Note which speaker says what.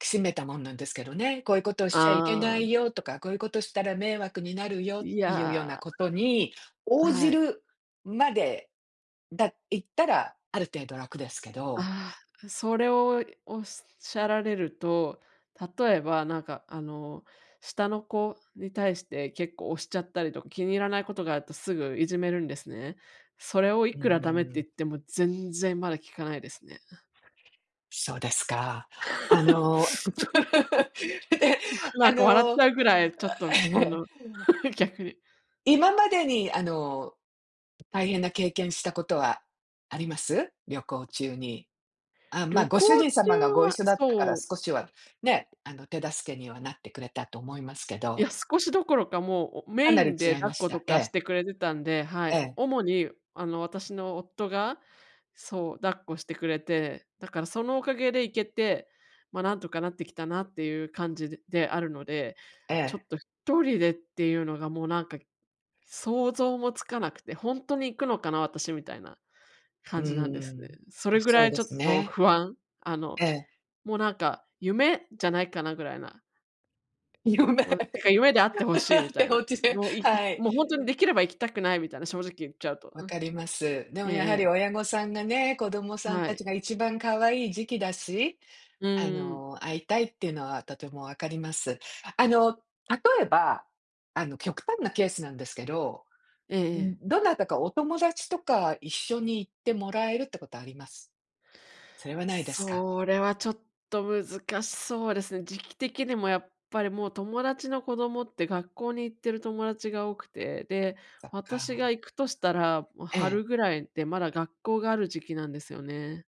Speaker 1: きしめたもんなんですけどね、こういうことをしちゃいけな
Speaker 2: ああ。
Speaker 1: いよとか、こういうことしたら迷惑になるよっ
Speaker 2: い
Speaker 1: ていうような
Speaker 2: や。
Speaker 1: ことに、
Speaker 2: あ、
Speaker 1: 応じ
Speaker 2: はい。
Speaker 1: るまで、だ行ったらある程度楽ですけど。
Speaker 2: ああ、それを仰られると、例えば、なんかあの、下の子に対して結構押しちゃったりとか、気に入らないことがあると、すぐいじめるんですね。それをい
Speaker 1: う
Speaker 2: くら駄目って
Speaker 1: ー
Speaker 2: 言
Speaker 1: ん。
Speaker 2: っても、全然まだ聞かないですね。
Speaker 1: そうですか。あ の、
Speaker 2: それ
Speaker 1: ええ、
Speaker 2: な
Speaker 1: あ
Speaker 2: んか笑っち
Speaker 1: の、
Speaker 2: ゃうぐらい、ちょっとあ
Speaker 1: ええ。
Speaker 2: の、逆。
Speaker 1: 今までに、あの、大変な経験したことはあります？旅行中に。あ、ま
Speaker 2: 旅
Speaker 1: あ、ご
Speaker 2: 行
Speaker 1: 主人様が
Speaker 2: 中
Speaker 1: ご
Speaker 2: は
Speaker 1: 一緒だったか
Speaker 2: そ
Speaker 1: ら、
Speaker 2: う。
Speaker 1: 少しは、ね、あの手助けにはなってくれたと思いますけ
Speaker 2: い
Speaker 1: ど。
Speaker 2: や、少しどころか、もう、お
Speaker 1: か
Speaker 2: メイ
Speaker 1: なり
Speaker 2: ン
Speaker 1: 違
Speaker 2: で
Speaker 1: い
Speaker 2: 抱
Speaker 1: ま
Speaker 2: っ
Speaker 1: し
Speaker 2: こと
Speaker 1: た。え
Speaker 2: かし
Speaker 1: え。
Speaker 2: てくれてたんで、はい。
Speaker 1: ええ。
Speaker 2: 主に、あの私の夫が、そう、抱っこしてくれて、だからそのおかげで行けて、まあ何とかなってきたなっていう感じでであるので、
Speaker 1: え
Speaker 2: ちょっ
Speaker 1: え。
Speaker 2: と1人でっていうのがもうなんか、想像もつかなくて、ほんとに行くのかな私、みたいな
Speaker 1: う
Speaker 2: 感じなんですね。
Speaker 1: ん、
Speaker 2: それぐら
Speaker 1: そう
Speaker 2: い
Speaker 1: で
Speaker 2: ちょっ
Speaker 1: す
Speaker 2: と
Speaker 1: ね。
Speaker 2: 不安、あの、
Speaker 1: ええ。
Speaker 2: もうなんか夢じゃないかなぐらいな。
Speaker 1: 夢、
Speaker 2: もう、なんか夢であって欲しいみた
Speaker 1: て
Speaker 2: いな。
Speaker 1: おちで、
Speaker 2: もうい
Speaker 1: は
Speaker 2: もうほんとに
Speaker 1: い。
Speaker 2: できれば行きたくないみたいな、正直言っちゃうと、
Speaker 1: 分
Speaker 2: うん。
Speaker 1: かります。でも、
Speaker 2: ええ
Speaker 1: やは
Speaker 2: え
Speaker 1: り
Speaker 2: え。
Speaker 1: 親御さんがね、子供さん
Speaker 2: は
Speaker 1: た
Speaker 2: い。
Speaker 1: ちが一番可愛い時期だし、
Speaker 2: うん
Speaker 1: あ
Speaker 2: うん。
Speaker 1: の、会いたいっていうのはとても分かります。あの、例えば、あの、極端なケースなんですけど、
Speaker 2: ええ
Speaker 1: ん、
Speaker 2: ええ。
Speaker 1: どなたかお友達とか一緒に行ってもらえるってことあります？それはないですか。
Speaker 2: それはちょっと難しそうですね。時期的にもやっぱりもう、友達の子供って学校に行ってる友達が多くて、で、
Speaker 1: そっ
Speaker 2: 私
Speaker 1: か。
Speaker 2: が行くとしたら、もう
Speaker 1: ええ。
Speaker 2: 春ぐらいで、まだ学校がある時期なんですよね。